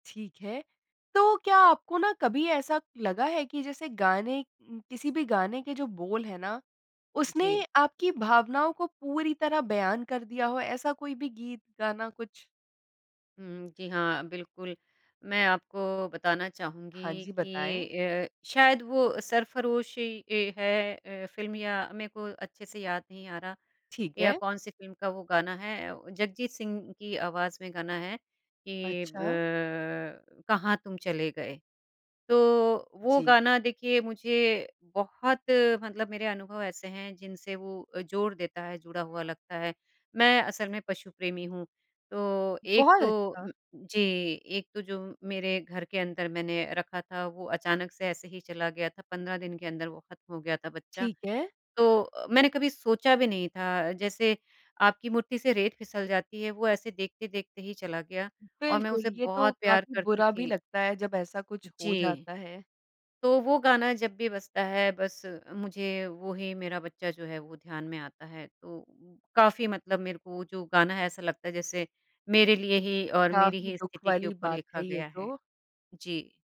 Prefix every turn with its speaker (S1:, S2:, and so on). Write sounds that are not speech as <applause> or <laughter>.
S1: ठीक है। तो क्या आपको ना कभी ऐसा लगा है कि जैसे गाने उम, किसी भी गाने के जो बोल है ना, उसने
S2: जी।
S1: आपकी भावनाओं को पूरी तरह बयान कर दिया हो ऐसा कोई भी गीत-गाना कुछ?
S2: उम, जी हाँ, बिल्कुल। मैं आपको बताना
S1: हाँ
S2: चाहूँगी
S1: जी, बताएँ।
S2: कि अ, शायद वो सरफरोशी ये है अ, फ़िल्म या मैं को अच्छे से याद नहीं आ रहा
S1: ठीक
S2: या
S1: है।
S2: कौन-सी फ़िल्म का वो गाना है, व जगजीत सिंह की आवाज़ में गाना है कि
S1: अच्छा।
S2: ब कहाँ तुम चले गए। तो वो
S1: जी।
S2: गाना देखिए मुझे बहुत मतलब मेरे अनुभव ऐसे हैं, जिनसे वो जोड़ देता है, जुड़ा हुआ लगता है। मैं असल में पशु प्रेमी हूँ, तो एक
S1: बहुत
S2: तो
S1: अच्छा।
S2: <unintelligible> जी, एक तो जो मेरे घर के अंदर मैंने रखा था वो अचानक से ऐसे ही चला गया था 15 दिन के अंदर वो खत्म हो गया था बच्चा।
S1: ठीक है।
S2: तो अ, मैंने कभी सोचा भी नहीं था, जैसे आपकी मुट्ठी से रेत फिसल जाती है, वो ऐसे देखते-देखते ही चला गया और मैं
S1: बिल्कुल,
S2: उसे
S1: ये तो
S2: बहुत प्यार
S1: काफ़ी
S2: करती
S1: बुरा भी
S2: थी।
S1: लगता है, जब ऐसा कुछ हो
S2: जी।
S1: जाता है।
S2: तो वो गाना जब भी बजता है बस मुझे वही मेरा बच्चा जो है, वो ध्यान में आता है। तो अ, काफ़ी मतलब मेरे को जो गाना है ऐसा लगता है जैसे मेरे लिए ही और मेरी
S1: काफ़ी
S2: ही
S1: दुःख
S2: स्थिति के
S1: वाली
S2: ऊपर
S1: बात
S2: लिखा
S1: है ये
S2: गया है।
S1: तो।
S2: जी।